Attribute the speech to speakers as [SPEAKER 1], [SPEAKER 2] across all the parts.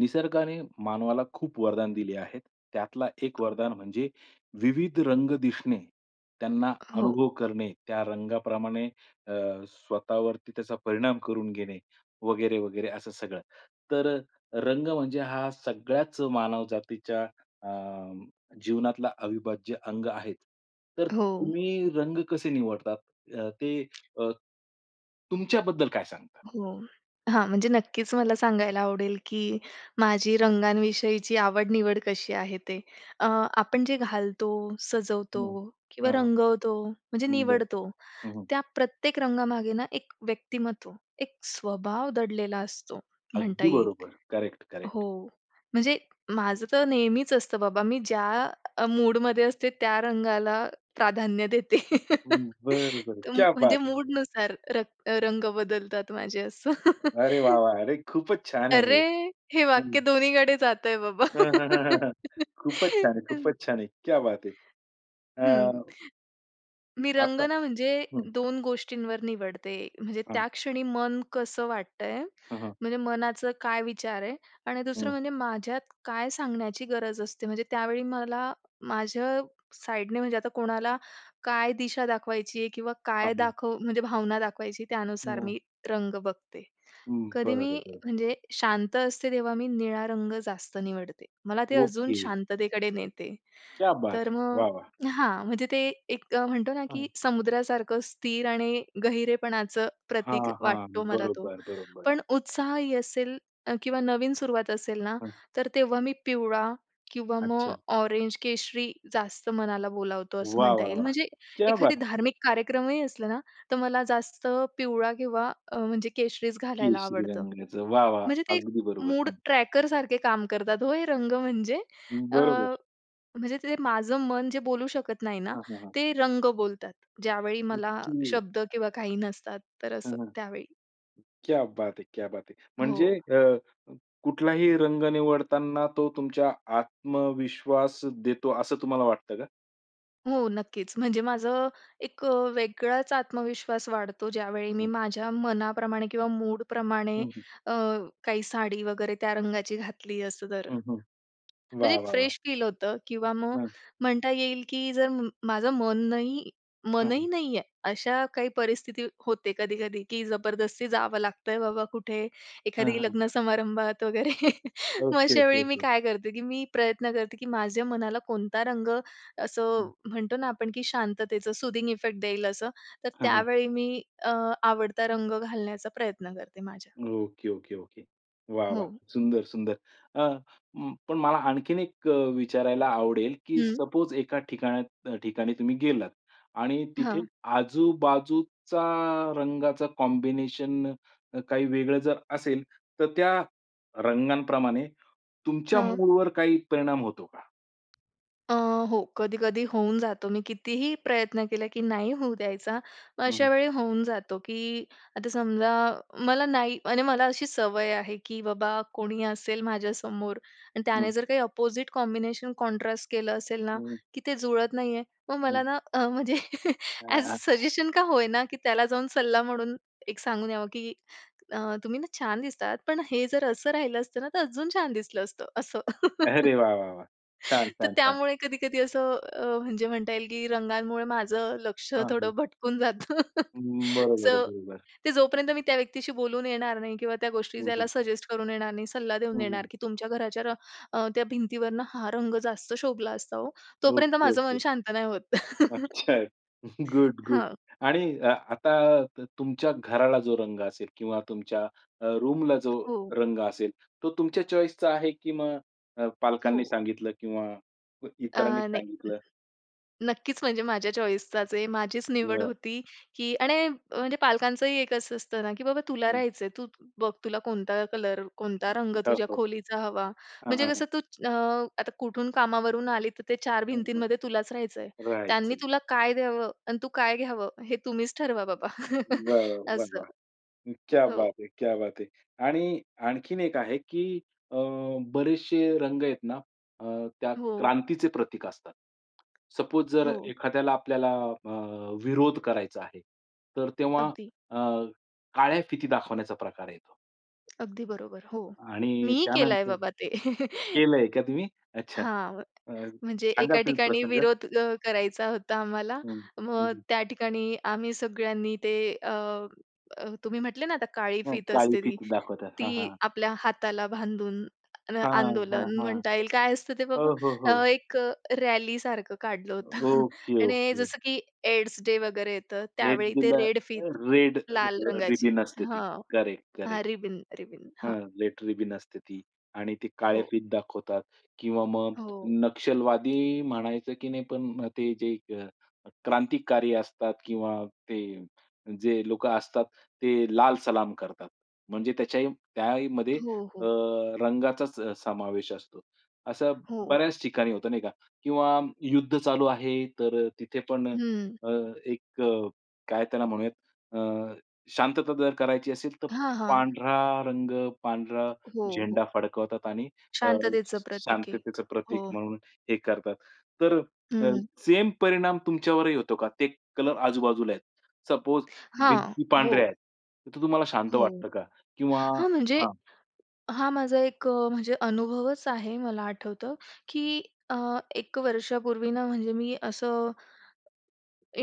[SPEAKER 1] निसर्गाने मानवाला खूप वरदान दिली आहेत. त्यातला एक वरदान म्हणजे विविध रंग दिसणे. त्यांना
[SPEAKER 2] हो.
[SPEAKER 1] अनुभव करणे, त्या रंगाप्रमाणे अ, स्वतःवरती त्याचा परिणाम करून घेणे, वगैरे-वगैरे, असं सगळं. तर रंग म्हणजे हा सगळ्याच मानवजातीच्या अ, जीवनातला अविभाज्य अंग आहेच. तर
[SPEAKER 2] हो.
[SPEAKER 1] तुम्ही रंग कसे निवडतात, अ, ते अ तुमच्याबद्दल काय सांगतात?
[SPEAKER 2] हो. हां, म्हणजे नक्कीच मला सांगायला आवडेल, की माझी रंगांविषयीची आवड-निवड कशी आहे, ते. अ, आपण जे घालतो, सजवतो
[SPEAKER 1] हं,
[SPEAKER 2] किंवा
[SPEAKER 1] हां.
[SPEAKER 2] रंगवतो, म्हणजे
[SPEAKER 1] हं, बरं.
[SPEAKER 2] निवडतो.
[SPEAKER 1] हं, हं.
[SPEAKER 2] त्या प्रत्येक रंगामागे ना, एक व्यक्तिमत्त्व, एक स्वभाव दडलेला असतो, म्हणता
[SPEAKER 1] अगदी
[SPEAKER 2] येईल
[SPEAKER 1] बरोबर. Correct, correct.
[SPEAKER 2] हो. म्हणजे माझं तर नेहमीच असतं, बाबा, मी ज्या अ, मूडमध्ये असते, त्या रंगाला प्राधान्य देते
[SPEAKER 1] हं. बरं, बरं.
[SPEAKER 2] ऊं,
[SPEAKER 1] क्या
[SPEAKER 2] म्हणजे
[SPEAKER 1] बात है!
[SPEAKER 2] मूडनुसार रक रंग बदलतात माझे, असं.
[SPEAKER 1] अरे वाह, वाह! अरे खूपच छान आहे, हे
[SPEAKER 2] अरे! हे
[SPEAKER 1] हं.
[SPEAKER 2] वाक्य दोन्हीकडे जातंय बाबा.
[SPEAKER 1] अ, हं, हं, हं, हं. खूपच छान आहे खूपच छान आहे. क्या बात है!
[SPEAKER 2] हं.
[SPEAKER 1] अ
[SPEAKER 2] मी
[SPEAKER 1] असं.
[SPEAKER 2] रंगना, म्हणजे
[SPEAKER 1] हं.
[SPEAKER 2] दोन गोष्टींवर निवडते, म्हणजे
[SPEAKER 1] हां.
[SPEAKER 2] त्या क्षणी मन कसं वाटतंय,
[SPEAKER 1] हां, हां.
[SPEAKER 2] म्हणजे मनाचं काय विचार आहे. आणि दुसरं
[SPEAKER 1] हं.
[SPEAKER 2] म्हणजे माझ्यात काय सांगण्याची गरज असते, म्हणजे त्यावेळी मला माझ्या साईडने, म्हणजे आता कोणाला काय दिशा दाखवायची आहे किंवा
[SPEAKER 1] हां,
[SPEAKER 2] काय
[SPEAKER 1] हां.
[SPEAKER 2] दाखव म्हणजे भावना दाखवायची, त्यानुसार
[SPEAKER 1] हं.
[SPEAKER 2] मी रंग बघते.
[SPEAKER 1] हं.
[SPEAKER 2] कधी मी,
[SPEAKER 1] बरं, बरं.
[SPEAKER 2] म्हणजे शांत असते, तेव्हा मी निळा रंग जास्त निवडते. मला ते अजून
[SPEAKER 1] ओके.
[SPEAKER 2] शांततेकडे नेते.
[SPEAKER 1] क्या बात
[SPEAKER 2] तर
[SPEAKER 1] है!
[SPEAKER 2] मग
[SPEAKER 1] वाह, वाह!
[SPEAKER 2] हां. म्हणजे ते एक म्हणतो ना,
[SPEAKER 1] हो
[SPEAKER 2] की
[SPEAKER 1] ना.
[SPEAKER 2] समुद्रासारखं स्थिर आणि गहिरेपणाचं प्रतीक
[SPEAKER 1] हां, हां.
[SPEAKER 2] वाटतो मला तो.
[SPEAKER 1] बरोबर, बरोबर.
[SPEAKER 2] पण उत्साहही असेल, अ किंवा नवीन सुरुवात असेल ना,
[SPEAKER 1] हं.
[SPEAKER 2] तर तेव्हा मी पिवळा किंवा मग
[SPEAKER 1] अच्छा.
[SPEAKER 2] ऑरेंज, केशरी जास्त मनाला बोलावतो, असं
[SPEAKER 1] वाह,
[SPEAKER 2] म्हणता
[SPEAKER 1] वाह,
[SPEAKER 2] येईल.
[SPEAKER 1] वाह!
[SPEAKER 2] म्हणजे
[SPEAKER 1] क्या बात
[SPEAKER 2] एखादी धार्मिक कार्यक्रमही असलं ना, तर मला जास्त पिवळा किंवा अ, म्हणजे केशरीच घालायला
[SPEAKER 1] केशरी
[SPEAKER 2] आवडतं.
[SPEAKER 1] रंगाच. वाह, वाह!
[SPEAKER 2] म्हणजे ते
[SPEAKER 1] अगदी बरोबर.
[SPEAKER 2] मूड
[SPEAKER 1] छान.
[SPEAKER 2] ट्रॅकरसारखे काम करतात, हो, हे रंग म्हणजे. अ,
[SPEAKER 1] बरोबर.
[SPEAKER 2] म्हणजे ते जे माझं मन जे बोलू शकत नाही ना,
[SPEAKER 1] हां, हां, हां.
[SPEAKER 2] ते रंग बोलतात. ज्यावेळी मला
[SPEAKER 1] ओके.
[SPEAKER 2] शब्द किंवा काही नसतात, तर
[SPEAKER 1] हं,
[SPEAKER 2] असं,
[SPEAKER 1] हं.
[SPEAKER 2] त्यावेळी.
[SPEAKER 1] क्या बात है! क्या बात है! म्हणजे
[SPEAKER 2] हो.
[SPEAKER 1] अ अ, कुठलाही रंग निवडताना तो तुमच्या आत्मविश्वास देतो, असं तुम्हाला वाटतं का?
[SPEAKER 2] हो नक्कीच. म्हणजे माझं अ, एक अ, वेगळाच आत्मविश्वास वाढतो ज्यावेळी मी
[SPEAKER 1] हं.
[SPEAKER 2] माझ्या मनाप्रमाणे किंवा मूडप्रमाणे
[SPEAKER 1] हं, हं.
[SPEAKER 2] अ, काही साडी वगैरे त्या रंगाची घातली असं तर.
[SPEAKER 1] हं, हं.
[SPEAKER 2] म्हणजे
[SPEAKER 1] वाह!
[SPEAKER 2] एक
[SPEAKER 1] वाह! वाह!
[SPEAKER 2] फ्रेश फील होतं किंवा मग
[SPEAKER 1] हां.
[SPEAKER 2] म्हणता येईल, की जर माझं मन नाही
[SPEAKER 1] हां,
[SPEAKER 2] मनही
[SPEAKER 1] हां.
[SPEAKER 2] नाही आहे, अशा काही परिस्थिती होते कधी-कधी की जबरदस्ती जावं लागतंय बाबा कुठे,
[SPEAKER 1] हां,
[SPEAKER 2] एखादी
[SPEAKER 1] हां.
[SPEAKER 2] लग्नसमारंभात वगैरे मग
[SPEAKER 1] ओके,
[SPEAKER 2] अशा
[SPEAKER 1] ओके,
[SPEAKER 2] वेळी मी
[SPEAKER 1] ओके.
[SPEAKER 2] काय करते की मी प्रयत्न करते की माझ्या मनाला कोणता रंग असं
[SPEAKER 1] हं.
[SPEAKER 2] म्हणतो ना आपण, की शांततेचं सूदिंग इफेक्ट देईल असं तर
[SPEAKER 1] हां, हां.
[SPEAKER 2] त्यावेळी मी अ, आवडता रंग घालण्याचा प्रयत्न करते माझ्या.
[SPEAKER 1] Okay, okay, okay. वाह! वाह!
[SPEAKER 2] हो.
[SPEAKER 1] सुंदर, सुंदर. अ, म पण मला आणखीन एक विचारायला आवडेल, की
[SPEAKER 2] हं.
[SPEAKER 1] सपोज एका ठिकाण ठिकाणी तुम्ही गेलात आणि तिथे
[SPEAKER 2] हां.
[SPEAKER 1] आजूबाजूचा रंगाचं कॉम्बिनेशन अ, काही वेगळं जर असेल तर त्या रंगांप्रमाणे तुमच्या
[SPEAKER 2] हां
[SPEAKER 1] मूडवर काही परिणाम होतो का?
[SPEAKER 2] अ, हो कधी-कधी होऊन जातो. मी कितीही प्रयत्न केला, की नाही होऊ द्यायचा, मग
[SPEAKER 1] हं, हं.
[SPEAKER 2] अशावेळी होऊन जातो, की आता समजा मला नाही म्हणजे मला अशी सवय आहे, की बाबा कोणी असेल माझ्यासमोर आणि त्याने
[SPEAKER 1] हं.
[SPEAKER 2] जर काही अपोजिट कॉम्बिनेशन कॉन्ट्रास्ट केलं असेल ना,
[SPEAKER 1] हं.
[SPEAKER 2] की ते जुळत नाहीये. मग मला
[SPEAKER 1] हं.
[SPEAKER 2] ना म्हणजे अ‍ॅज अ
[SPEAKER 1] [unintelligible]
[SPEAKER 2] सजेशन का होय ना की त्याला जाऊन सल्ला म्हणून एक सांगून यावं, की "तुम्ही ना, छान दिसतात पण हे जर असं राहिलं असतं ना तर अजून छान दिसलं असतं" असं.
[SPEAKER 1] अरे वाह, वाह, वाह! छान,
[SPEAKER 2] तर
[SPEAKER 1] छान, छान!
[SPEAKER 2] त्यामुळे कधी-कधी असं अ, म्हणजे म्हणता येईल, की रंगांमुळे माझं लक्ष
[SPEAKER 1] हां,
[SPEAKER 2] थोडं
[SPEAKER 1] हां.
[SPEAKER 2] भटकून जातं.
[SPEAKER 1] हं, बरोबर,
[SPEAKER 2] सो
[SPEAKER 1] बरोबर.
[SPEAKER 2] ते जोपर्यंत मी त्या व्यक्तीशी बोलून येणार नाही किंवा त्या गोष्टी
[SPEAKER 1] हं,
[SPEAKER 2] त्याला
[SPEAKER 1] हं.
[SPEAKER 2] सजेस्ट करून येणार नाही, सल्ला
[SPEAKER 1] हं,
[SPEAKER 2] देऊन
[SPEAKER 1] हं.
[SPEAKER 2] येणार की तुमच्या घराच्या र अ, त्या भिंतीवरनं हा रंग जास्त शोभला असता हो, तोपर्यंत
[SPEAKER 1] ओके,
[SPEAKER 2] माझं मन
[SPEAKER 1] ओके.
[SPEAKER 2] शांत नाही होत.
[SPEAKER 1] अच्छा. Good, good.
[SPEAKER 2] हां.
[SPEAKER 1] आणि अ, आता त तुमच्या घराला जो रंग असेल किंवा तुमच्या अ, रूम ला जो
[SPEAKER 2] हो.
[SPEAKER 1] रंग असेल तो तुमच्या चॉईस चा आहे, की मग अ, पालकांनी
[SPEAKER 2] हो.
[SPEAKER 1] सांगितलं किंवा
[SPEAKER 2] अ,
[SPEAKER 1] इतरांनी
[SPEAKER 2] नाही,
[SPEAKER 1] सांगितलं?
[SPEAKER 2] नक्कीच म्हणजे माझ्या चॉईस चाच आहे, माझीच निवड
[SPEAKER 1] बरं.
[SPEAKER 2] होती की आणि म्हणजे पालकांचंही एक असं असतं ना, की बाबा तुला
[SPEAKER 1] हं.
[SPEAKER 2] राहायचंय, तू बघ तुला कोणता कलर, कोणता रंग
[SPEAKER 1] हो,
[SPEAKER 2] तुझ्या
[SPEAKER 1] हो.
[SPEAKER 2] खोलीचा हवा.
[SPEAKER 1] हां,
[SPEAKER 2] म्हणजे
[SPEAKER 1] हां,
[SPEAKER 2] कसं
[SPEAKER 1] हां.
[SPEAKER 2] तू अ, आता कुठून कामावरून आली तर ते 4
[SPEAKER 1] हं, हं.
[SPEAKER 2] भिंतींमध्ये तुलाच राहायचं आहे. त्यांनी
[SPEAKER 1] राहायचं.
[SPEAKER 2] तुला काय द्यावं अन् तू काय घ्यावं, हे तुम्हीच ठरवा बाबा
[SPEAKER 1] वाह, वाह,
[SPEAKER 2] असं.
[SPEAKER 1] वाह. क्या
[SPEAKER 2] हो.
[SPEAKER 1] बात है, क्या बात है आणि आणखीन एक आहे की अ, बरेचसे रंग आहेत ना अ, त्या
[SPEAKER 2] हो.
[SPEAKER 1] क्रांतीचे प्रतीक असतात. सपोज जर
[SPEAKER 2] हो, हो.
[SPEAKER 1] एखाद्याला आपल्याला अ, विरोध करायचा आहे. तर तेव्हा
[SPEAKER 2] अगदी.
[SPEAKER 1] अ, काळ्या फिती दाखवण्याचा प्रकार आहे तो.
[SPEAKER 2] अगदी बरोबर. हो,
[SPEAKER 1] आणि
[SPEAKER 2] मीही केलाय
[SPEAKER 1] त्यानंतर
[SPEAKER 2] बाबा ते.
[SPEAKER 1] केलंय का तुम्ही? अच्छा
[SPEAKER 2] हां, व
[SPEAKER 1] अ,
[SPEAKER 2] म्हणजे
[SPEAKER 1] सांगाल
[SPEAKER 2] एका
[SPEAKER 1] तुम्ही
[SPEAKER 2] ठिकाणी
[SPEAKER 1] प्रसंग?
[SPEAKER 2] विरोध अ, करायचा होता आम्हाला.
[SPEAKER 1] हं, हं,
[SPEAKER 2] मग,
[SPEAKER 1] हं.
[SPEAKER 2] त्या ठिकाणी आम्ही सगळ्यांनी ते अ, अ, तुम्ही म्हटले ना आता काळी
[SPEAKER 1] हं,
[SPEAKER 2] फित
[SPEAKER 1] काळी
[SPEAKER 2] असते ती,
[SPEAKER 1] फिती दाखवतात. हां, हां,
[SPEAKER 2] ती
[SPEAKER 1] हां.
[SPEAKER 2] आपल्या हाताला बांधून न
[SPEAKER 1] हां, हां,
[SPEAKER 2] आंदोलन
[SPEAKER 1] हां.
[SPEAKER 2] म्हणता येईल काय असतं ते
[SPEAKER 1] हो,
[SPEAKER 2] बाबा?
[SPEAKER 1] हो, हो.
[SPEAKER 2] अ, एक अ, रॅलीसारखं काढलं
[SPEAKER 1] अ,
[SPEAKER 2] होतं.
[SPEAKER 1] ओके,
[SPEAKER 2] आणि
[SPEAKER 1] ओके.
[SPEAKER 2] जसं की एड्स-डे वगैरे येतं
[SPEAKER 1] रेड
[SPEAKER 2] त्यावेळी ते
[SPEAKER 1] बिल अ,
[SPEAKER 2] रेड फित,
[SPEAKER 1] रेड अ,
[SPEAKER 2] लाल
[SPEAKER 1] अ,
[SPEAKER 2] रंगाची
[SPEAKER 1] रिबीन असते ती
[SPEAKER 2] हां,
[SPEAKER 1] करेक्ट,
[SPEAKER 2] हां,
[SPEAKER 1] करेक्ट.
[SPEAKER 2] रिबिन, रिबिन, हां.
[SPEAKER 1] हां, रेड रीबिन असते ती. आणि ते काळे
[SPEAKER 2] हो.
[SPEAKER 1] फित दाखवतात किंवा मग,
[SPEAKER 2] हो.
[SPEAKER 1] नक्षलवादी म्हणायचं की नाही. पण ते जे एक अ, क्रांतिकारी असतात किंवा ते जे लोकं असतात, ते लाल सलाम करतात. म्हणजे त्याच्याही, त्याहीमध्ये
[SPEAKER 2] हो,
[SPEAKER 1] अ,
[SPEAKER 2] हो.
[SPEAKER 1] रंगाचाच अ, समावेश असतो. असं
[SPEAKER 2] हो.
[SPEAKER 1] बऱ्याच ठिकाणी होतं नाही का? किंवा युद्ध चालू आहे तर अ, तिथे पण अ,
[SPEAKER 2] हं.
[SPEAKER 1] अ, एक अ, काय त्याला म्हणूयात? अ, शांतता जर करायची असेल तर,
[SPEAKER 2] हां, हां.
[SPEAKER 1] पांढरा रंग, पांढरा
[SPEAKER 2] हो, हो.
[SPEAKER 1] झेंडा फडकवतात आणि अ,
[SPEAKER 2] शांततेचं
[SPEAKER 1] श
[SPEAKER 2] प्रतीक एक,
[SPEAKER 1] शांततेचं प्रतीक
[SPEAKER 2] हो.
[SPEAKER 1] म्हणून हे करतात. तर अ,
[SPEAKER 2] हं.
[SPEAKER 1] सेम परिणाम तुमच्यावरही होतो का? ते कलर आजूबाजूला आहेत. सपोज
[SPEAKER 2] हां,
[SPEAKER 1] भिंती
[SPEAKER 2] हो.
[SPEAKER 1] पांढऱ्या आहेत त तर, तुम्हाला शांत
[SPEAKER 2] हो,
[SPEAKER 1] वाटतं का? किंवा
[SPEAKER 2] हां. म्हणजे
[SPEAKER 1] हां.
[SPEAKER 2] हा माझा एक अ, म्हणजे अनुभवच आहे. मला आठवतं, की अ, 1 वर्षापूर्वी ना म्हणजे मी असं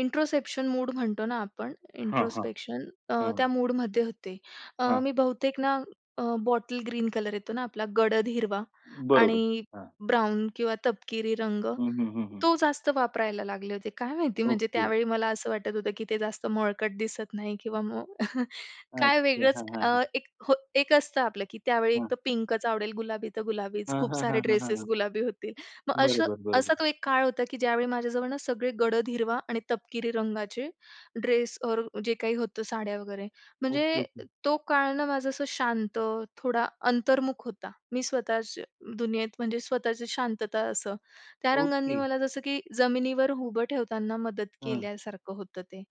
[SPEAKER 2] इंट्रोस्पेक्शन मूड म्हणतो ना आपण.
[SPEAKER 1] हां, हां.
[SPEAKER 2] इंट्रोस्पेक्शन अ,
[SPEAKER 1] हां.
[SPEAKER 2] त्या मूडमध्ये होते. अ,
[SPEAKER 1] हां.
[SPEAKER 2] मी बहुतेक ना अ, बॉटल ग्रीन कलर येतो ना आपला गडद हिरवा
[SPEAKER 1] बरोबर,
[SPEAKER 2] आणि
[SPEAKER 1] हां.
[SPEAKER 2] ब्राउन किंवा तपकिरी रंग
[SPEAKER 1] हं, हं, हं, हं.
[SPEAKER 2] तो जास्त वापरायला लागले होते. काय माहिती म्हणजे
[SPEAKER 1] ओके.
[SPEAKER 2] त्यावेळी मला असं वाटत होतं, की ते जास्त मळकट दिसत नाही किंवा मग, काय
[SPEAKER 1] अच्छा.
[SPEAKER 2] वेगळंच
[SPEAKER 1] हां, हां,
[SPEAKER 2] अ,
[SPEAKER 1] हां.
[SPEAKER 2] एक हो एक असतं आपलं, की त्यावेळी
[SPEAKER 1] हां.
[SPEAKER 2] एकतर पिंकच आवडेल, गुलाबी तर गुलाबीच,
[SPEAKER 1] हां,
[SPEAKER 2] खूप
[SPEAKER 1] हां,
[SPEAKER 2] सारे
[SPEAKER 1] हां, हां,
[SPEAKER 2] ड्रेसेस
[SPEAKER 1] हां.
[SPEAKER 2] गुलाबी होतील. मग असं
[SPEAKER 1] बरोबर, बरोबर.
[SPEAKER 2] असा तो एक काळ होता, की ज्यावेळी माझ्याजवळ ना सगळे गडद हिरवा आणि तपकिरी रंगाचे ड्रेस ओर जे काही होतं साड्या वगैरे.
[SPEAKER 1] ओके,
[SPEAKER 2] म्हणजे
[SPEAKER 1] ओके.
[SPEAKER 2] तो काळ ना माझं असं शांत, थोडा अंतर्मुख होता. मी स्वतःच दुनियेत म्हणजे स्वतःची शांतता असं. त्या रंगांनी
[SPEAKER 1] ओके.
[SPEAKER 2] मला जसं की, जमिनीवर उभं ठेवताना मदत
[SPEAKER 1] हं.
[SPEAKER 2] केल्यासारखं होतं ते.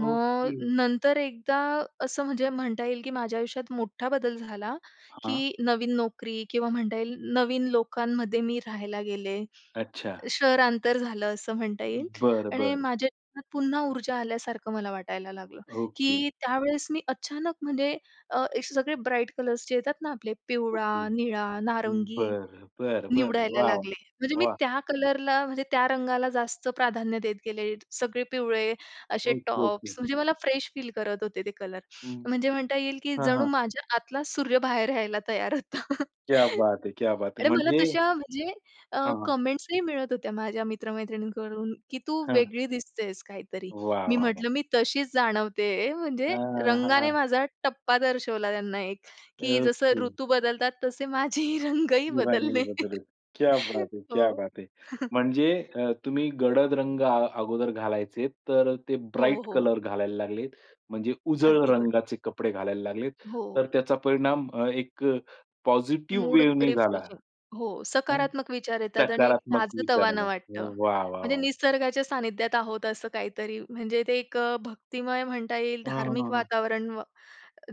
[SPEAKER 2] मग
[SPEAKER 1] ओके.
[SPEAKER 2] नंतर एकदा असं म्हणजे म्हणता येईल, की माझ्या आयुष्यात मोठा बदल झाला,
[SPEAKER 1] हां.
[SPEAKER 2] की नवीन नोकरी किंवा म्हणता येईल, नवीन लोकांमध्ये मी राहायला गेले.
[SPEAKER 1] अच्छा.
[SPEAKER 2] शहरांतर झालं असं म्हणता येईल.
[SPEAKER 1] बरं,
[SPEAKER 2] आणि
[SPEAKER 1] बरं.
[SPEAKER 2] माझ्या जीवनात पुन्हा ऊर्जा आल्यासारखं मला वाटायला लागलं,
[SPEAKER 1] ओके.
[SPEAKER 2] की त्यावेळेस मी अचानक म्हणजे अ, असे सगळे ब्राईट कलर्स जे येतात ना आपले
[SPEAKER 1] ओके.
[SPEAKER 2] पिवळा, निळा, नारंगी
[SPEAKER 1] बरं, बरं, बरं.
[SPEAKER 2] निवडायला
[SPEAKER 1] वॉव!
[SPEAKER 2] लागले. म्हणजे मी
[SPEAKER 1] वाह!
[SPEAKER 2] त्या कलरला म्हणजे त्या रंगाला जास्त प्राधान्य देत गेले. सगळे पिवळे असे
[SPEAKER 1] ओके, ओके.
[SPEAKER 2] टॉप्स म्हणजे मला फ्रेश फील करत होते ते कलर.
[SPEAKER 1] हं.
[SPEAKER 2] म्हणजे म्हणता येईल, की
[SPEAKER 1] हां,
[SPEAKER 2] जणू
[SPEAKER 1] हां.
[SPEAKER 2] माझ्या आतला सूर्य बाहेर यायला तयार होता.
[SPEAKER 1] क्या बात हे! क्या बात हे!
[SPEAKER 2] आणि मला
[SPEAKER 1] म्हणजे
[SPEAKER 2] तशा म्हणजे अ,
[SPEAKER 1] हां, हां.
[SPEAKER 2] कमेंट्सही मिळत होत्या माझ्या मित्र-मैत्रिणींकडून, की "तू
[SPEAKER 1] हां.
[SPEAKER 2] वेगळी दिसतेस काहीतरी."
[SPEAKER 1] वाह!
[SPEAKER 2] मी
[SPEAKER 1] वाह! वाह!
[SPEAKER 2] म्हटलं, मी तशीच जाणवते आहे म्हणजे
[SPEAKER 1] हां, हां, हां,
[SPEAKER 2] रंगाने
[SPEAKER 1] हां.
[SPEAKER 2] माझा टप्पा दर्शवला, त्यांना एक, की जसं
[SPEAKER 1] ओके.
[SPEAKER 2] ऋतू बदलतात तसे, माझेही रंगही
[SPEAKER 1] रंगही
[SPEAKER 2] बदलले.
[SPEAKER 1] बदलले. क्या बात है! क्या
[SPEAKER 2] हो.
[SPEAKER 1] बात है! म्हणजे अ, तुम्ही गडद रंग अ अगोदर घालायचे तर अ, ते
[SPEAKER 2] हो,
[SPEAKER 1] ब्राईट
[SPEAKER 2] हो.
[SPEAKER 1] कलर घालायला लागलेत. म्हणजे उजळ
[SPEAKER 2] अगदी बरोबर.
[SPEAKER 1] रंगाचे कपडे घालायला लागलेत.
[SPEAKER 2] हो.
[SPEAKER 1] तर, त्याचा परिणाम अ, एक अ, पॉझिटिव्ह
[SPEAKER 2] मूड
[SPEAKER 1] वेव्हनी झाला.
[SPEAKER 2] रिफ्रेशिंग हो,
[SPEAKER 1] हं,
[SPEAKER 2] सकारात्मक विचार येतात. आणि एक
[SPEAKER 1] सकारात्मक
[SPEAKER 2] ताजं-तवानं
[SPEAKER 1] विचाराने.
[SPEAKER 2] वाटतं
[SPEAKER 1] व वाह! वाह!
[SPEAKER 2] म्हणजे
[SPEAKER 1] वाह!
[SPEAKER 2] निसर्गाच्या सान्निध्यात आहोत असं काहीतरी. म्हणजे, ते एक अ, भक्तिमय म्हणता येईल,
[SPEAKER 1] हं, हं,
[SPEAKER 2] धार्मिक
[SPEAKER 1] हं.
[SPEAKER 2] वातावरण. व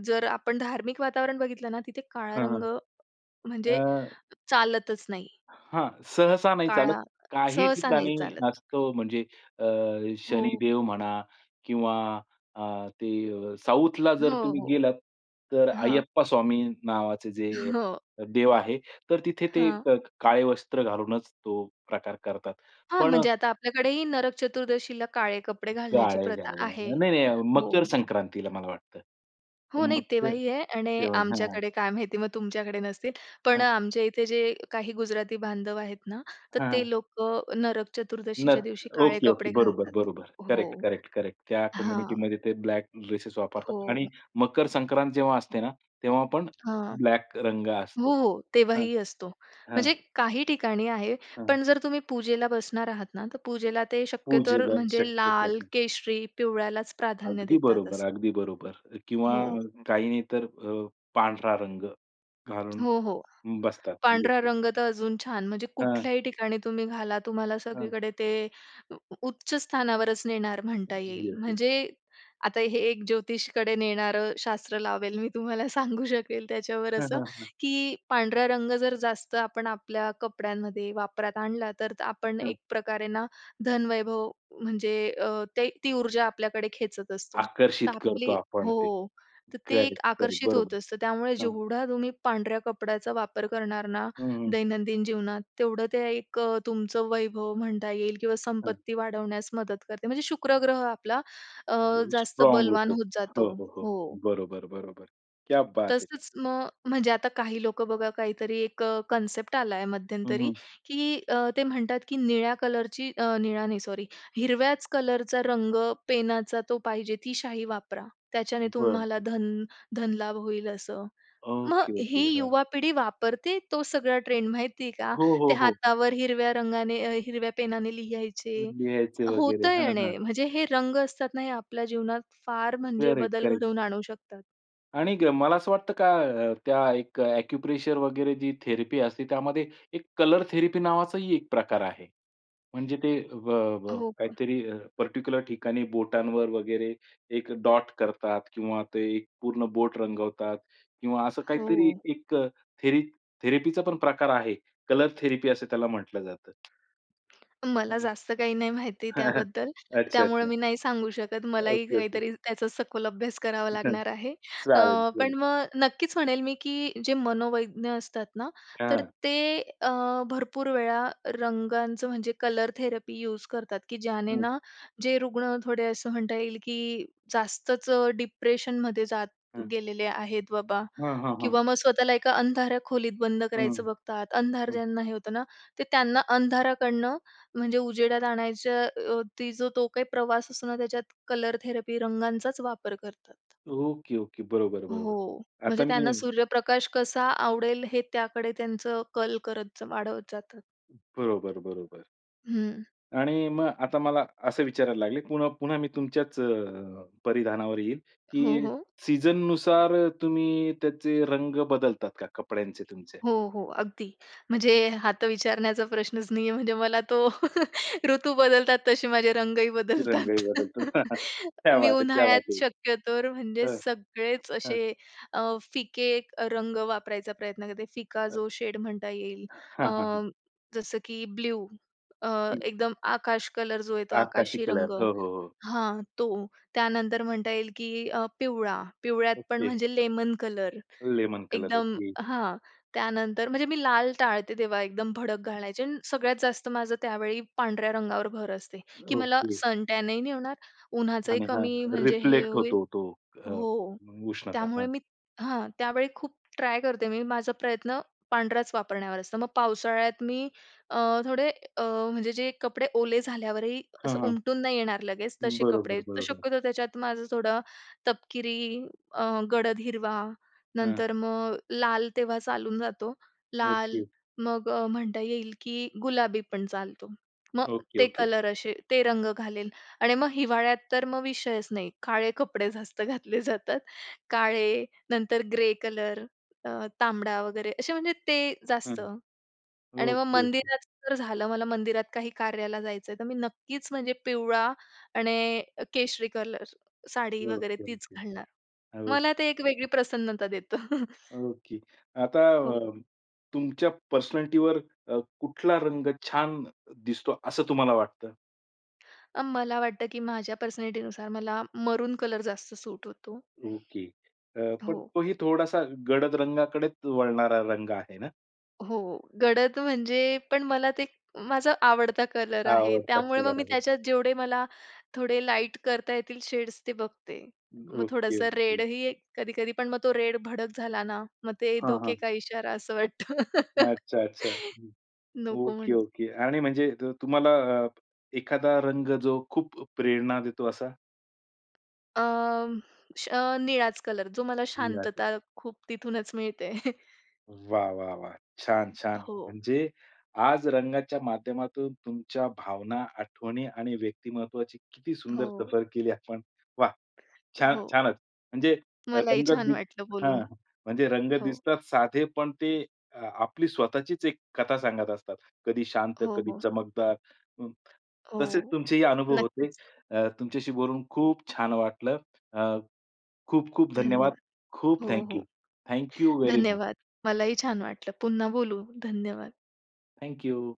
[SPEAKER 2] जर आपण धार्मिक वातावरण बघितलं ना, तिथे काळा
[SPEAKER 1] हां,
[SPEAKER 2] रंग म्हणजे
[SPEAKER 1] अ
[SPEAKER 2] चालतच नाही.
[SPEAKER 1] हां, सहसा नाही चालत.
[SPEAKER 2] काळा अ,
[SPEAKER 1] काही
[SPEAKER 2] सहसा नाही
[SPEAKER 1] ठिकाणी
[SPEAKER 2] चालत.
[SPEAKER 1] असतो. म्हणजे, अ,
[SPEAKER 2] हो.
[SPEAKER 1] शनिदेव म्हणा किंवा अ, ते अ, साऊथला जर
[SPEAKER 2] हो,
[SPEAKER 1] तुम्ही
[SPEAKER 2] हो.
[SPEAKER 1] गेलात तर
[SPEAKER 2] हां.
[SPEAKER 1] अय्यप्पा स्वामी नावाचे जे,
[SPEAKER 2] हो.
[SPEAKER 1] देव आहे. तर तिथे ते
[SPEAKER 2] हां.
[SPEAKER 1] काळे वस्त्र घालूनच तो प्रकार करतात.
[SPEAKER 2] हां,
[SPEAKER 1] पण
[SPEAKER 2] म्हणजे आता आपल्याकडेही नरक चतुर्दशीला काळे कपडे घालण्याची
[SPEAKER 1] काळे
[SPEAKER 2] प्रथा आहे.
[SPEAKER 1] घालून. नाही, नाही अ, मकर
[SPEAKER 2] हो.
[SPEAKER 1] संक्रांतीला मला वाटतं.
[SPEAKER 2] हो, नाही.
[SPEAKER 1] मकर
[SPEAKER 2] तेव्हाही आहे आणि
[SPEAKER 1] तेव्हाही हां.
[SPEAKER 2] आमच्याकडे काय माहिती? मग तुमच्याकडे नसतील. पण
[SPEAKER 1] हां.
[SPEAKER 2] आमच्या इथे जे काही गुजराती बांधव आहेत ना तर, ते
[SPEAKER 1] हां.
[SPEAKER 2] लोकं नरक चतुर्दशीच्या
[SPEAKER 1] नत
[SPEAKER 2] दिवशी काळे
[SPEAKER 1] ओके,
[SPEAKER 2] कपडे
[SPEAKER 1] ओके. बरोबर,
[SPEAKER 2] घालतात.
[SPEAKER 1] बरोबर. करेक्ट,
[SPEAKER 2] हो,
[SPEAKER 1] करेक्ट, करेक्ट. त्या
[SPEAKER 2] हां.
[SPEAKER 1] कम्युनिटीमध्ये ते ब्लॅक ड्रेसेस वापरतात.
[SPEAKER 2] हो.
[SPEAKER 1] आणि मकर संक्रांत जेव्हा असते ना, तेव्हा पण
[SPEAKER 2] हां.
[SPEAKER 1] ब्लॅक रंग असतो.
[SPEAKER 2] हो,
[SPEAKER 1] हां,
[SPEAKER 2] तेव्हाही असतो.
[SPEAKER 1] हां.
[SPEAKER 2] म्हणजे काही ठिकाणी आहे,
[SPEAKER 1] हां.
[SPEAKER 2] पण जर तुम्ही पूजेला बसणार आहात ना, तर पूजेला ते शक्यतो
[SPEAKER 1] पूजेला
[SPEAKER 2] म्हणजे
[SPEAKER 1] शक्यतो,
[SPEAKER 2] लाल,
[SPEAKER 1] हं.
[SPEAKER 2] केशरी, पिवळ्यालाच प्राधान्य
[SPEAKER 1] अगदी
[SPEAKER 2] देतात
[SPEAKER 1] बरोबर,
[SPEAKER 2] असं.
[SPEAKER 1] अगदी बरोबर अ, किंवा
[SPEAKER 2] हो.
[SPEAKER 1] काही नाही तर अ, पांढरा रंग घालून
[SPEAKER 2] हो, हो,
[SPEAKER 1] बसतात
[SPEAKER 2] पांढरा
[SPEAKER 1] लोकं.
[SPEAKER 2] रंग तर अजून छान. म्हणजे
[SPEAKER 1] हां.
[SPEAKER 2] कुठल्याही ठिकाणी तुम्ही घाला. तुम्हाला
[SPEAKER 1] हां.
[SPEAKER 2] सगळीकडे ते उ उच्च स्थानावरच नेणार म्हणता येईल.
[SPEAKER 1] Yes, yes.
[SPEAKER 2] म्हणजे आता हे एक ज्योतिषीकडे नेणारं शास्त्र लावेल मी तुम्हाला, सांगू शकेल त्याच्यावर
[SPEAKER 1] हां,
[SPEAKER 2] असं
[SPEAKER 1] हां, हां.
[SPEAKER 2] की, पांढरा रंग जर जास्त आपण आपल्या कपड्यांमध्ये वापरात आणला तर, आपण
[SPEAKER 1] हं.
[SPEAKER 2] एक प्रकारे ना धनवैभव म्हणजे अ, ते ती ऊर्जा आपल्याकडे खेचत असतो. तर
[SPEAKER 1] आकर्षित करतो
[SPEAKER 2] आपली
[SPEAKER 1] आपण ते.
[SPEAKER 2] हो, तर ते एक
[SPEAKER 1] करेक्ट, करेक्ट.
[SPEAKER 2] आकर्षित होत
[SPEAKER 1] बरोबर,
[SPEAKER 2] असतं. त्यामुळे
[SPEAKER 1] हां.
[SPEAKER 2] जेवढा तुम्ही पांढऱ्या कपड्याचा वापर करणार ना
[SPEAKER 1] हं, हं.
[SPEAKER 2] दैनंदिन जीवनात तेवढं ते एक अ, तुमचं वैभव म्हणता येईल किंवा
[SPEAKER 1] हां.
[SPEAKER 2] संपत्ती वाढवण्यास मदत करते. म्हणजे शुक्र ग्रह आपला अ,
[SPEAKER 1] आणि
[SPEAKER 2] जास्त
[SPEAKER 1] स्ट्रॉंग
[SPEAKER 2] बलवान
[SPEAKER 1] होतो.
[SPEAKER 2] होत
[SPEAKER 1] हो,
[SPEAKER 2] जातो.
[SPEAKER 1] हो, हो.
[SPEAKER 2] हो.
[SPEAKER 1] बरोबर, बरोबर. क्या बात है!
[SPEAKER 2] तसंच मग, म्हणजे आता काही लोकं बघा काहीतरी एक अ, कन्सेप्ट आला आहे
[SPEAKER 1] हं,
[SPEAKER 2] मध्यंतरी,
[SPEAKER 1] हं.
[SPEAKER 2] की अ, ते म्हणतात, की हिरव्याच कलरचा रंग पेनाचा तो पाहिजे. ती शाई वापरा. त्याच्याने
[SPEAKER 1] बरं.
[SPEAKER 2] तुम्हाला धन धन लाभ होईल, असं. मग
[SPEAKER 1] ओके, ओके.
[SPEAKER 2] ही
[SPEAKER 1] हां.
[SPEAKER 2] युवा पिढी वापरते, तो सगळा ट्रेंड माहिती आहे का?
[SPEAKER 1] हो,
[SPEAKER 2] ते
[SPEAKER 1] हो, हो.
[SPEAKER 2] हातावर हिरव्या रंगाने, अ, हिरव्या पेनाने लिहायचे.
[SPEAKER 1] लिहायचे वगैरे
[SPEAKER 2] होतं
[SPEAKER 1] हां, हां.
[SPEAKER 2] येणं म्हणजे हे रंग असतात ना, हे आपल्या जीवनात फार म्हणजे
[SPEAKER 1] करेक्ट,
[SPEAKER 2] बदल
[SPEAKER 1] करेक्ट.
[SPEAKER 2] घडवून आणू शकतात.
[SPEAKER 1] आणि एक मला असं वाटतं का? अ, त्या एक एक्यूप्रेशर वगैरे जी थेरपी असते, त्यामध्ये एक कलर थेरपी नावाचाही एक प्रकार आहे. म्हणजे ते ब ब
[SPEAKER 2] हो का?
[SPEAKER 1] काहीतरी अ, पर्टिक्युलर ठिकाणी बोटांवर वगैरे एक डॉट करतात किंवा ते एक पूर्ण बोट रंगवतात किंवा असं काहीतरी
[SPEAKER 2] हो.
[SPEAKER 1] एक थेर थेरपीचापण प्रकार आहे. कलर थेरपी असं त्याला म्हटलं जातं.
[SPEAKER 2] मला
[SPEAKER 1] हं.
[SPEAKER 2] जास्त काही नाही माहिती त्याबद्दल.
[SPEAKER 1] अच्छा,
[SPEAKER 2] त्यामुळं
[SPEAKER 1] अच्छा.
[SPEAKER 2] मी नाही सांगू शकत. मलाही
[SPEAKER 1] ओके, ओके.
[SPEAKER 2] काहीतरी त्याचा सखोल अभ्यास करावा
[SPEAKER 1] हं.
[SPEAKER 2] लागणार आहे. अ,
[SPEAKER 1] चालेल,
[SPEAKER 2] पण
[SPEAKER 1] चालेल.
[SPEAKER 2] मग नक्कीचं म्हणेल मी की जे मनोवैज्ञानिक असतात ना तर
[SPEAKER 1] हां.
[SPEAKER 2] ते अ, भरपूर वेळा रंगांचं म्हणजे कलर थेरपी यूज करतात, की ज्याने
[SPEAKER 1] हं.
[SPEAKER 2] ना जे रुग्ण थोडे असं म्हणता येईल की जास्तचं अ, डिप्रेशनमध्ये जात
[SPEAKER 1] हं.
[SPEAKER 2] गेलेले आहेत बाबा.
[SPEAKER 1] हां, हां, हां.
[SPEAKER 2] किंवा मग स्वतःला एका अंधाऱ्या खोलीत बंद
[SPEAKER 1] हं,
[SPEAKER 2] करायचं बघतात. अंधार
[SPEAKER 1] हं.
[SPEAKER 2] ज्यांना हे होतं ना. ते त्यांना अंधाराकडनं म्हणजे उजेडात आणायच्या वरती जो तो काही प्रवास असतो ना त्याच्यात कलर थेरपी रंगांचाचं वापर करतात.
[SPEAKER 1] Okay, okay. बरोबर, बरोबर.
[SPEAKER 2] हो, म्हणजे
[SPEAKER 1] आता
[SPEAKER 2] त्यांना
[SPEAKER 1] मी
[SPEAKER 2] सूर्यप्रकाश कसा आवडेल? हे त्याकडे त्यांचं कल करत वाढवत जातात.
[SPEAKER 1] बरोबर, बरोबर.
[SPEAKER 2] हं.
[SPEAKER 1] आणि मग आता मला असं विचारायला लागले पुन्हा पुन्हा मी तुमच्याचं अ, परिधानावर येईल
[SPEAKER 2] हो,
[SPEAKER 1] की
[SPEAKER 2] हो.
[SPEAKER 1] सीझननुसार तुम्ही त्याचे रंग बदलतात का, कपड्यांचे तुमचे?
[SPEAKER 2] हो, हो, अगदी. म्हणजे हा तर विचारण्याचा प्रश्नचं नाहीये म्हणजे मला तो ऋतू बदलतात, तसे माझे रंगही
[SPEAKER 1] की रंगाही
[SPEAKER 2] बदलतात.
[SPEAKER 1] बदलतो. क्या
[SPEAKER 2] मी
[SPEAKER 1] बात है! क्या बात
[SPEAKER 2] उन्हाळ्यात
[SPEAKER 1] है!
[SPEAKER 2] शक्य तर म्हणजे
[SPEAKER 1] हां,
[SPEAKER 2] सगळेचं
[SPEAKER 1] हां.
[SPEAKER 2] असे अ, फिके रंग वापरायचा प्रयत्न करते, फिका
[SPEAKER 1] अ,
[SPEAKER 2] जो शेड म्हणता येईल.
[SPEAKER 1] हां,
[SPEAKER 2] अ,
[SPEAKER 1] हां, हां.
[SPEAKER 2] जसं की ब्लू अ,
[SPEAKER 1] हं.
[SPEAKER 2] एकदम आकाश कलर जो आहे तो
[SPEAKER 1] आकाशी
[SPEAKER 2] आकाशी
[SPEAKER 1] कलर.
[SPEAKER 2] रंग
[SPEAKER 1] हो, हो, हो.
[SPEAKER 2] हां. तो त्यानंतर म्हणता येईल की अ, पिवळा. पिवळ्यात पण
[SPEAKER 1] ओके.
[SPEAKER 2] म्हणजे लेमन कलर
[SPEAKER 1] लेमन कलर,
[SPEAKER 2] एकदम
[SPEAKER 1] ओके.
[SPEAKER 2] हां. त्यानंतर म्हणजे मी लाल टाळते तेव्हा एकदम भडक घालायचे आणि सगळ्यात जास्त माझं त्यावेळी पांढऱ्या रंगावर भर असते की मला
[SPEAKER 1] ओके.
[SPEAKER 2] सनटॅनही नाही होणार. उन्हाचंही
[SPEAKER 1] आणि
[SPEAKER 2] कमी म्हणजे हे
[SPEAKER 1] हां.रिफ्लेक्ट
[SPEAKER 2] होईल
[SPEAKER 1] होतो तो. अ,
[SPEAKER 2] हो.
[SPEAKER 1] उष्णता
[SPEAKER 2] त्यामुळे
[SPEAKER 1] हं.
[SPEAKER 2] मी हां. त्यावेळी खूप ट्राय करते मी माझा प्रयत्न पांढराचं वापरण्यावर असतं. मग पावसाळ्यात मी अ, थोडे अ, म्हणजे जे कपडे ओले झाल्यावरही
[SPEAKER 1] हां,
[SPEAKER 2] असं
[SPEAKER 1] हां.
[SPEAKER 2] उमटून नाही येणार लगेच. तसे कपडे
[SPEAKER 1] बरोबर,
[SPEAKER 2] तर
[SPEAKER 1] बरोबर.
[SPEAKER 2] शक्यतो त्याच्यात माझं थोडं तपकिरी अ, गडद हिरवा
[SPEAKER 1] हं.
[SPEAKER 2] नंतर मग लाल तेव्हा चालून जातो. लाल
[SPEAKER 1] ओके.
[SPEAKER 2] मग अ, म्हणता येईल की गुलाबी पण चालतो. मग
[SPEAKER 1] ओके,
[SPEAKER 2] ते
[SPEAKER 1] ओके.
[SPEAKER 2] कलर असे ते रंग घालेल आणि मग हिवाळ्यात तर मग विषयचं नाही काळे कपडे जास्त घातले जातात. काळे नंतर ग्रे कलर त तांबडा वगैरे असे म्हणजे ते
[SPEAKER 1] हं.
[SPEAKER 2] जास्त. आणि मग
[SPEAKER 1] ओके, ओके.
[SPEAKER 2] मंदिरात तर झालं. मला मंदिरात काही कार्याला जायचं आहे तर मी नक्कीचं म्हणजे पिवळा आणि केशरी कलर साडी
[SPEAKER 1] ओके,
[SPEAKER 2] वगैरे
[SPEAKER 1] ओके, ओके.
[SPEAKER 2] तीचं घालणार. मला ते एक वेगळी प्रसन्नता देतो.
[SPEAKER 1] ओके. आता
[SPEAKER 2] हो.
[SPEAKER 1] अ, तुमच्या पर्सनॅलिटीवर अ, कुठला रंग छान दिसतो, असं तुम्हाला वाटतं?
[SPEAKER 2] अ, मला वाटतं की माझ्या पर्सनॅलिटीनुसार मला मरून कलर जास्त सूट होतो.
[SPEAKER 1] ओके. अ, पण
[SPEAKER 2] हो.
[SPEAKER 1] तोही थोडासा गडद रंगाकडेच वळणारा रंग आहे ना?
[SPEAKER 2] हो. गडद म्हणजे पण मला ते माझा आवडता कलर
[SPEAKER 1] हा
[SPEAKER 2] आहे.
[SPEAKER 1] आवडता
[SPEAKER 2] त्यामुळे मग
[SPEAKER 1] कलर
[SPEAKER 2] मी
[SPEAKER 1] आहे.
[SPEAKER 2] त्याच्यात जेवढे मला थोडे लाईट करता येतील शेड्स ते बघते. मग,
[SPEAKER 1] अ ओके,
[SPEAKER 2] थोडंसं
[SPEAKER 1] ओके.
[SPEAKER 2] रेडही कधी-कधी पण मग तो रेड भडक झाला ना, मग ते
[SPEAKER 1] हां,
[SPEAKER 2] धोखे
[SPEAKER 1] हां.
[SPEAKER 2] का इशारा, असं वाटतं.
[SPEAKER 1] अच्छा, अच्छा. हं.
[SPEAKER 2] नको
[SPEAKER 1] ओके,
[SPEAKER 2] म्हणून.
[SPEAKER 1] ओके. आणि म्हणजे त तुम्हाला अ, एखादा रंग जो खूप प्रेरणा देतो असा?
[SPEAKER 2] अम्म, अ, निळाच कलर. जो मला
[SPEAKER 1] निळा कलर.
[SPEAKER 2] शांतता खूप तिथूनच मिळते.
[SPEAKER 1] वाह, वाह, वाह. छान, छान.
[SPEAKER 2] हो.
[SPEAKER 1] म्हणजे आज रंगाच्या माध्यमातून तुमच्या भावना, आठवणी आणि व्यक्तिमत्त्वाची किती सुंदर
[SPEAKER 2] हो.
[SPEAKER 1] सफर केली आपण. वाह! छान
[SPEAKER 2] हो.
[SPEAKER 1] छानच. म्हणजे
[SPEAKER 2] मलाही
[SPEAKER 1] रंग
[SPEAKER 2] छान
[SPEAKER 1] दिस
[SPEAKER 2] वाटलं
[SPEAKER 1] हं,
[SPEAKER 2] बोलून.
[SPEAKER 1] हं. म्हणजे रंग
[SPEAKER 2] हो.
[SPEAKER 1] दिसतात साधे पण ते आपली स्वतःचीच एक कथा सांगत असतात. कधी शांत,
[SPEAKER 2] हो,
[SPEAKER 1] कधी
[SPEAKER 2] हो.
[SPEAKER 1] चमकदार, अ, तसेच
[SPEAKER 2] हो.
[SPEAKER 1] तुमचेही अनुभव होते.
[SPEAKER 2] नक्कीच.
[SPEAKER 1] अ, तुमच्याशी बोलून खूप छान वाटलं. अ, खूप, खूप धन्यवाद.
[SPEAKER 2] धन्यवाद.
[SPEAKER 1] खूप
[SPEAKER 2] हो, हो.
[SPEAKER 1] थँक्यू. Thank you very much.
[SPEAKER 2] धन्यवाद, मलाही छान वाटलं. पुन्हा बोलू. धन्यवाद.
[SPEAKER 1] थँक्यू.